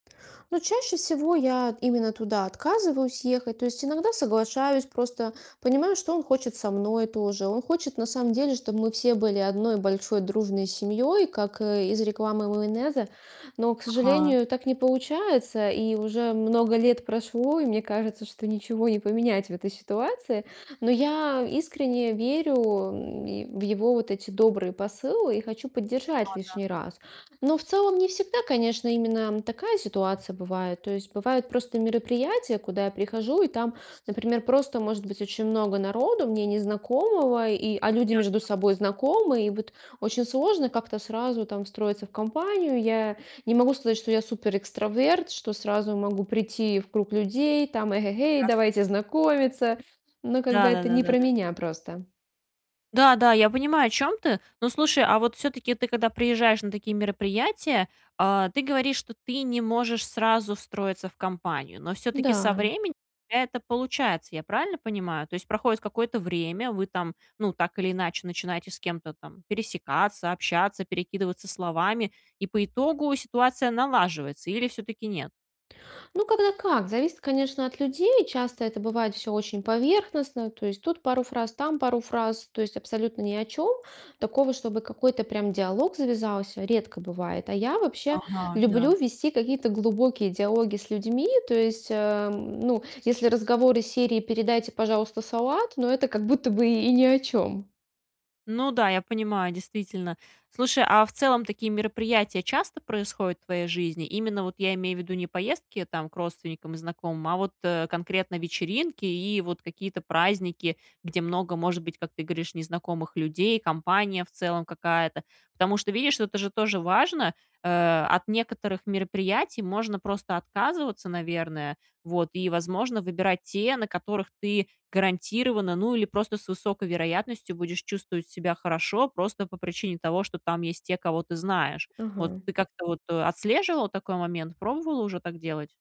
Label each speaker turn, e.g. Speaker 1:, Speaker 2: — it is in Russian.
Speaker 1: Ну, чаще всего я именно туда отказываюсь ехать. То есть иногда соглашаюсь, просто понимаю, что он хочет со мной тоже. Он хочет на самом деле, чтобы мы все были одной большой дружной семьей, как, э, из рекламы майонеза. Но, к
Speaker 2: Ага.
Speaker 1: сожалению, так не получается. И уже много лет прошло, и мне кажется, что ничего не поменять в этой ситуации. Но я искренне верю, м, в его вот эти добрые посылы и хочу поддержать
Speaker 2: Ага, да.
Speaker 1: лишний раз. Но в целом не всегда, конечно, именно такая ситуация бывает. То есть бывают просто мероприятия, куда я прихожу, и там, например, просто может быть очень много народу, мне незнакомого, и а люди между
Speaker 2: Понятно.
Speaker 1: собой знакомы. И вот очень сложно как-то сразу там встроиться в компанию. Я не могу сказать, что я суперэкстраверт, что сразу могу прийти в круг людей, там: "Эге-гей,
Speaker 2: Ясно.
Speaker 1: давайте знакомиться!" Ну, как бы
Speaker 2: Да, да,
Speaker 1: это
Speaker 2: да,
Speaker 1: не
Speaker 2: да,
Speaker 1: про
Speaker 2: да.
Speaker 1: меня просто.
Speaker 2: Да, да, я понимаю, о чём ты. Ну, слушай, а вот всё-таки ты, когда приезжаешь на такие мероприятия, э, ты говоришь, что ты не можешь сразу встроиться в компанию, но всё-таки со
Speaker 1: Да.
Speaker 2: временем это получается. Я правильно понимаю? То есть проходит какое-то время, вы там, ну, так или иначе, начинаете с кем-то там пересекаться, общаться, перекидываться словами, и по итогу ситуация налаживается или всё-таки нет?
Speaker 1: Ну, когда как. Зависит, конечно, от людей. Часто это бывает всё очень поверхностно. То есть тут пару фраз, там пару фраз, то есть абсолютно ни о чём. Такого, чтобы какой-то прям диалог завязался, редко бывает. А я вообще
Speaker 2: Ага,
Speaker 1: люблю
Speaker 2: да.
Speaker 1: вести какие-то глубокие диалоги с людьми. То есть, эм, ну, если разговоры серии: "Передайте, пожалуйста, салат", ну, это как будто бы и ни о чём.
Speaker 2: Ну да, я понимаю, действительно. Слушай, а в целом такие мероприятия часто происходят в твоей жизни? Именно, вот я имею в виду не поездки, там, к родственникам и знакомым, а вот, э, конкретно вечеринки и вот какие-то праздники, где много, может быть, как ты говоришь, незнакомых людей, компания в целом какая-то. Потому что, видишь, вот это же тоже важно. Э, от некоторых мероприятий можно просто отказываться, наверное, вот, и, возможно, выбирать те, на которых ты гарантированно, ну, или просто с высокой вероятностью будешь чувствовать себя хорошо просто по причине того, что там есть те, кого ты знаешь. Вот
Speaker 1: Ага.
Speaker 2: ты как-то вот, э, отслеживала такой момент, пробовала уже так делать?